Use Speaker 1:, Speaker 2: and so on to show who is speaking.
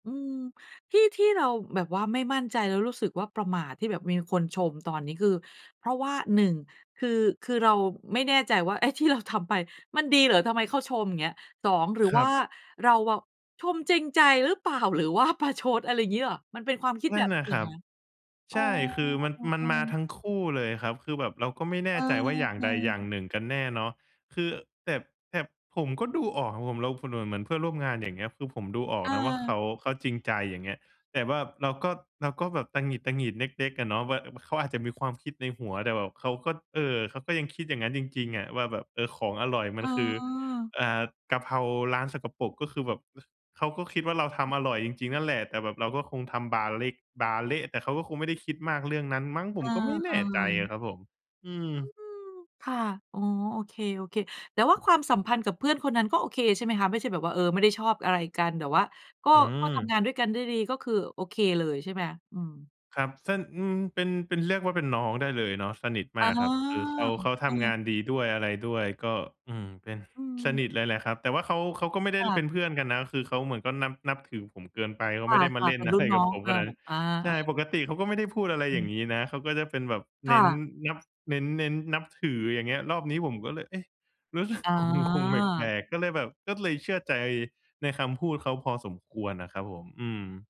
Speaker 1: อืม ที่ ที่เราแบบว่าไม่มั่นใจแล้วรู้สึกว่า ประหม่าที่แบบมีคนชม ตอนนี้คือเพราะว่า 1 คือ คือเราไม่แน่ใจว่าไอ้ที่เราทำไป มันดีเหรอ ทำไมเขาชม เงี้ย 2 หรือ
Speaker 2: คร
Speaker 1: ว
Speaker 2: ั
Speaker 1: ่า
Speaker 2: บ
Speaker 1: เราเวา ชมจริงใจรึเปล่า หรือว่าประชด อะไรอย่างงี้เปล่า มันเป็นความคิด
Speaker 2: น
Speaker 1: แบ
Speaker 2: ั่น
Speaker 1: บ
Speaker 2: น
Speaker 1: นี
Speaker 2: ่
Speaker 1: ้
Speaker 2: ะ
Speaker 1: เห
Speaker 2: ค
Speaker 1: ร
Speaker 2: ร
Speaker 1: อ
Speaker 2: ับ
Speaker 1: คะ? อ
Speaker 2: ใ
Speaker 1: ๋
Speaker 2: ช
Speaker 1: อ
Speaker 2: ่ คือมัน
Speaker 1: อื
Speaker 2: มันม
Speaker 1: อ
Speaker 2: า
Speaker 1: ๆ
Speaker 2: ทั้งคู่เลยครับ คือแบบเราก็ไม่แน
Speaker 1: เอ
Speaker 2: ่ใจว่าอย่างใดอย่า
Speaker 1: อ
Speaker 2: ง
Speaker 1: ๆ
Speaker 2: หนึ่งกันแน่เนาะ คือ แต่ แต่ผมก็ดูออกครับผม แล้วคนเหมือน เหมือนเพื่อนร่วมงาน อย่างเงี้ย คือผมดูออ
Speaker 1: เ
Speaker 2: กนะว่าเข
Speaker 1: ออ
Speaker 2: า เขาจริงใจ อย่างเงี้ย แต่ว่าเราก็ เราก็แบบตะหงิด ๆ เล็ก ๆ อะเนาะ ว่าเขาอาจจะมีความคิดในหัว แต่แบบเขาก็ เอ่อ เขาก็ยังคิดอย่างงั้นจริง ๆ อะ ว่าแบบ เออ ของอร่อยมันคือ
Speaker 1: เออ
Speaker 2: อ่า กระเพราร้านสกปรก ก็คือแบบ เขาก็คิดว่าเราท
Speaker 1: อืม
Speaker 2: ำอร่อยจริง ๆ นั่นแหละ แต่แบบเราก็คงทำบาร์เล็ก บาร์เละ แต่เขาก็คงไม่ได้คิดมากเรื่องนั้นมั้ง ผ
Speaker 1: เอ
Speaker 2: ม
Speaker 1: อ
Speaker 2: ก็ไม่แน่ใจอ
Speaker 1: ๆ
Speaker 2: ะครับ อื
Speaker 1: อื
Speaker 2: ม
Speaker 1: ม ค่ะ อ๋อ โอเค ๆ แต่ว่าความสัมพันธ์กับเพื่อนคนนั้นก็โอเคใช่ไหมคะ? ไม่ใช่แบบว่า เออ ไม่ได้ชอบอะไรกันแต่ว่า ก็
Speaker 2: อื
Speaker 1: ก็ทำ
Speaker 2: ม
Speaker 1: งานด้วยกันได้ดี ก็คือโอเคเลยใช่ไหม? อืม
Speaker 2: ครับ สะ อืม เป็น เป็น เรียกว่าเป็นน้องได้เลยเนาะ สนิท
Speaker 1: อ
Speaker 2: ม
Speaker 1: ๋อ
Speaker 2: ากครับ คือเขา เขา
Speaker 1: เ
Speaker 2: ท
Speaker 1: อ
Speaker 2: ำง
Speaker 1: อ
Speaker 2: านดีด้วยอะไรด้วยก็ อืม เป็น
Speaker 1: อื
Speaker 2: สน
Speaker 1: ม
Speaker 2: ิทเลยแหละครับ แต่ว่าเขา เขาก็ไม่ได
Speaker 1: ค
Speaker 2: ้
Speaker 1: ่
Speaker 2: ล เป
Speaker 1: ะ
Speaker 2: ็นเพื่อนกันนะ คือเขาเหมือนก็นับ นับถือผมเกินไป เข
Speaker 1: ค
Speaker 2: าไม่ได้มา
Speaker 1: ่ะ
Speaker 2: เล
Speaker 1: ๆ
Speaker 2: ่
Speaker 1: เ
Speaker 2: น
Speaker 1: ป็น
Speaker 2: อ
Speaker 1: ร
Speaker 2: ะ
Speaker 1: ุ
Speaker 2: ไ
Speaker 1: ่น
Speaker 2: ร
Speaker 1: น
Speaker 2: ก
Speaker 1: ้
Speaker 2: ับ
Speaker 1: อง
Speaker 2: ผม
Speaker 1: เอ
Speaker 2: ข
Speaker 1: อ
Speaker 2: นาดนั้น
Speaker 1: อา
Speaker 2: ใช
Speaker 1: เ
Speaker 2: ่
Speaker 1: อ
Speaker 2: ป
Speaker 1: อ
Speaker 2: กติเขาก็ไม่ได้พูด อะไร
Speaker 1: อ
Speaker 2: อย่า
Speaker 1: ื
Speaker 2: ง
Speaker 1: ม
Speaker 2: งี้นะ เขาก็จะเป็นแบบ
Speaker 1: ค
Speaker 2: เน
Speaker 1: ่
Speaker 2: ้น
Speaker 1: ะ
Speaker 2: นับ เน้น เน้นนับถือ อย่างเงี้ย รอบนี้ผมก็เลย เอ๊ะ รู้สึก
Speaker 1: อ๋อ
Speaker 2: งง ๆ แปลก ๆ ก็เลยแบบ ก็เลยเชื่อใจในคำพูดเขาพอสมควรน่ะครับผม อืม